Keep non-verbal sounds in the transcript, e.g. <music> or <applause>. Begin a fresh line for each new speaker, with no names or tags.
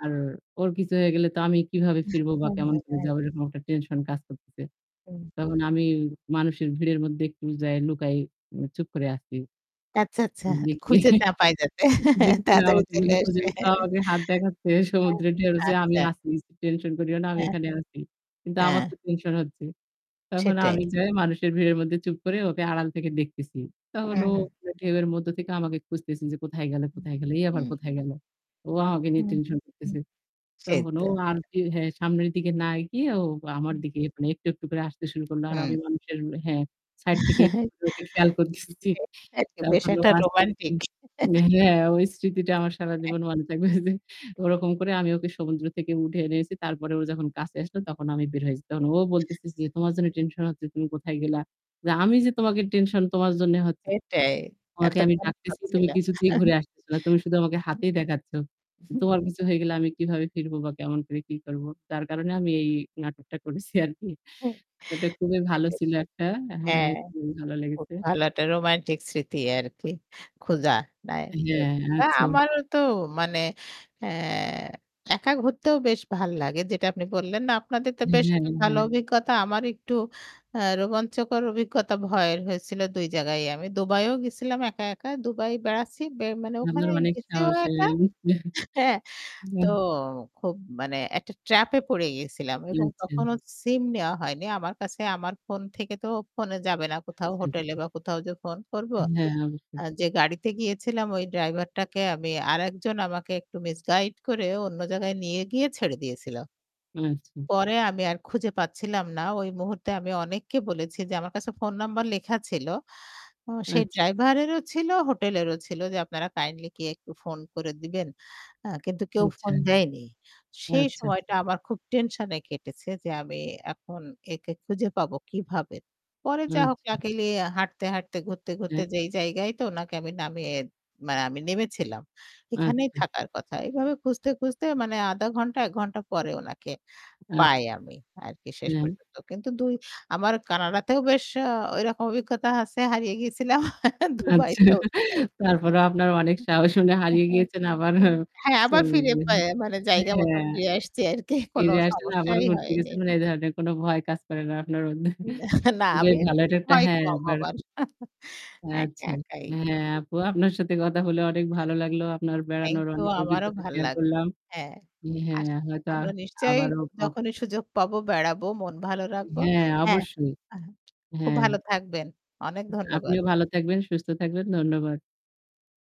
আর ওর কিছু হয়ে গেলে তো আমি কিভাবে
<chuckles>
ফিরবো বা কেমন করে
হ্যাঁ।
যাব এরকম একটা টেনশন কাজ করতেছে।
হুম।
তখন আমি মানুষের ভিড়ের মধ্যে একটু যাই লুকাই চুপ করে আছি।
আচ্ছা, আচ্ছা। খুঁজে চা
<unintelligible>
পায় যাতে <chuckles> তাড়াতাড়ি চলে আসবে।
হাত দেখাচ্ছে
হ্যাঁ,
সমুদ্রের ঢেউ যে আমি
আচ্ছা।
আছি। টেনশন করিও না আমি
হ্যাঁ।
এখানে আছি। কিন্তু আমার
হ্যাঁ।
তো টেনশন হচ্ছে। তখন
সেটাই।
আমি যাই মানুষের ভিড়ের মধ্যে চুপ করে ওকে আড়াল থেকে দেখতেছি। তখন
হুম,
ও
হুম।
ঢেউয়ের মধ্যে থেকে আমাকে খুঁজতেছে যে কোথায় গেল,
হু,
কোথায় গেলো। এই আবার
হুম।
কোথায় গেল। ও আমাকে নিয়ে
হুম,
টেনশন
হু।
করতেছে।
সেই
তখন
তো।
ও আরকি হ্যাঁ, সামনের দিকে না গিয়ে ও আমার
হুম।
দিকে এখন একটু, একটু করে আসতে শুরু করল। আর
হুম।
আমি মানুষের হ্যাঁ, সাইড থেকে একটু
<chuckles>
করে ওকে খেয়াল করতেছি।
<unintelligible> বেশ
তখন ও
একটা
আস্তে, আস্তে
রোমান্টিক। <chuckles>
উম-হ্যাঁ ওই স্মৃতিটা আমার
এক
সারাজীবন মনে থাকবে যে ওরকম করে আমি ওকে সমুদ্র থেকে উঠে এনেছি। তারপরে ও যখন কাছে আসলো তখন আমি বের হয়েছি। তখন ও বলতেছে যে, "তোমার জন্য টেনশন হচ্ছে তুমি কোথায় গেলা? আমি যে তোমাকে টেনশন, তোমার জন্যে হচ্ছে।
এটাই,
তোমাকে আমি
এতক্ষণ
ডাকতেছি তুমি
করছিলাম।
কিছুতেই
<chuckles>
ঘুরে আসতেছ না। তুমি শুধু আমাকে হাতেই দেখাচ্ছ।
<chuckles>
তোমার কিছু হয়ে গেলে আমি কিভাবে ফিরবো বা কেমন করে কি করব? যার কারণে আমি এই নাটকটা করেছি আরকি।"
হ্যাঁ,
এটা খুবই
সেটা
ভালো
বেশ
ছিল একটা হ্যাঁ,
হ্যাঁ,
খুবই ভালো
খুব
লেগেছে।
ভালো একটা রোমান্টিক স্মৃতি আরকি খোঁজা নাই।
হ্যাঁ,
তা
আচ্ছা।
আমারও তো মানে আ হ্যাঁ, একা ঘুরতেও বেশ ভাল লাগে। যেটা আপনি বললেন না আপনাদের তো বেশ
হ্যাঁ,
একটা ভালো
হ্যাঁ।
অভিজ্ঞতা আমার একটু আ রোমাঞ্চকর অভিজ্ঞতা ভয়ের হয়েছিল ২ জায়গায়ই আমি দুবাইও গেছিলাম, একা, একা দুবাই বেড়াচ্ছি। বে মানে
আপনার
ওখানে
অনেক
গেছিও
সাহস।
একা
অ্যা <chuckles>
হ্যাঁ। তো
হুম।
খুব মানে একটা ট্র্যাপ এ পড়ে গিয়েছিলাম এবং
আচ্ছা।
তখনো সিম নেওয়া হয়নি। আমার কাছে আমার ফোন থেকে তো ফোনে যাবে না কোথাও
আচ্ছা,
হোটেলে
আচ্ছা।
বা কোথাও যে ফোন করব।
হ্যাঁ,
আ
অবশ্যই।
যে গাড়িতে গিয়েছিলাম ওই ড্রাইভারটাকে আমি আরেকজন আমাকে একটু মিসগাইড করে অন্য জায়গায় নিয়ে গিয়ে ছেড়ে দিয়েছিল।
আচ্ছা, আচ্ছা।
পরে আমি আর খুঁজে পাচ্ছিলাম না ওই মুহূর্তে আমি অনেককে বলেছি যে আমার কাছে ফোন নাম্বার লেখা ছিল। সেই
আচ্ছা।
ড্রাইভারেরও ছিল, হোটেলেরও ছিল যে, "আপনারা কাইন্ডলি কেউ একটু ফোন করে দিবেন?" কিন্তু কেউ
আচ্ছা।
ফোন দেয়নি। সেই
আচ্ছা, আচ্ছা।
সময়টা আমার খুব টেনশনে কেটেছে যে, আমি এখন একে খুঁজে পাবো কিভাবে। পরে যা হোক
আচ্ছা।
লাকিলি হাঁটতে, হাঁটতে ঘুরতে, ঘুরতে
হ্যাঁ?
যেই জায়গায় তো ওনাকে আমি নামিয়ে মানে আমি নেমেছিলাম। এখানেই
আচ্ছা।
থাকার কথা। এভাবে খুঁজতে, খুঁজতে মানে আধা ঘন্টা ১ ঘন্টা পরে ওনাকে পাই
আচ্ছা,
আমি আরকি শেষ
হুম।
পর্যন্ত। কিন্তু ২ আমার কানাডাতেও বেশ ঐরকম অভিজ্ঞতা আছে, হারিয়ে গিয়েছিলাম। <chuckles>
আচ্ছা।
দুবাইতেও তাই। <unintelligible>
তারপরেও আপনার অনেক সাহস শুনে হারিয়ে গিয়েছেন আবার হ্যাঁ।
হ্যাঁ, আবার ফিরে পাই,
<unintelligible>
জায়গা মত
হ্যাঁ,
ফিরে আসছি আর কি কোনো
ফিরে আসছেন আবার
সমস্যাই
ঘুরতে
হয়নি।
গেছেন। এ ধরনের কোন ভয় কাজ করে না আপনার।
না,
<chuckles>
না
খুবই
আমি
ভালো
একটু
এটা একটা
ভয়
হ্যাঁ।
কম হবার। একা
আচ্ছা।
একাই।
হ্যাঁ,
<unintelligible>
আপু আপনার সাথে কথা হলে অনেক ভালো লাগলো। আপনার
থ্যাংক
বেড়ানোর
ইউ,
অনেক
আমারও
অভিজ্ঞতা
ভালো
শেয়ার
লাগলো,
করলাম।
হ্যাঁ।
হ্যাঁ,
আস
হয়তো
আমরা নিশ্চয়
আবারও ক
যখনই সুযোগ পাবো বেড়াবো, মন ভালো রাখবো।
হ্যাঁ,
হ্যাঁ।
অবশ্যই।
আ হ্যাঁ, খুব
হ্যাঁ।
ভালো থাকবেন। অনেক ধন্যবাদ।
আপনিও ভালো থাকবেন, সুস্থ থাকবেন। ধন্যবাদ।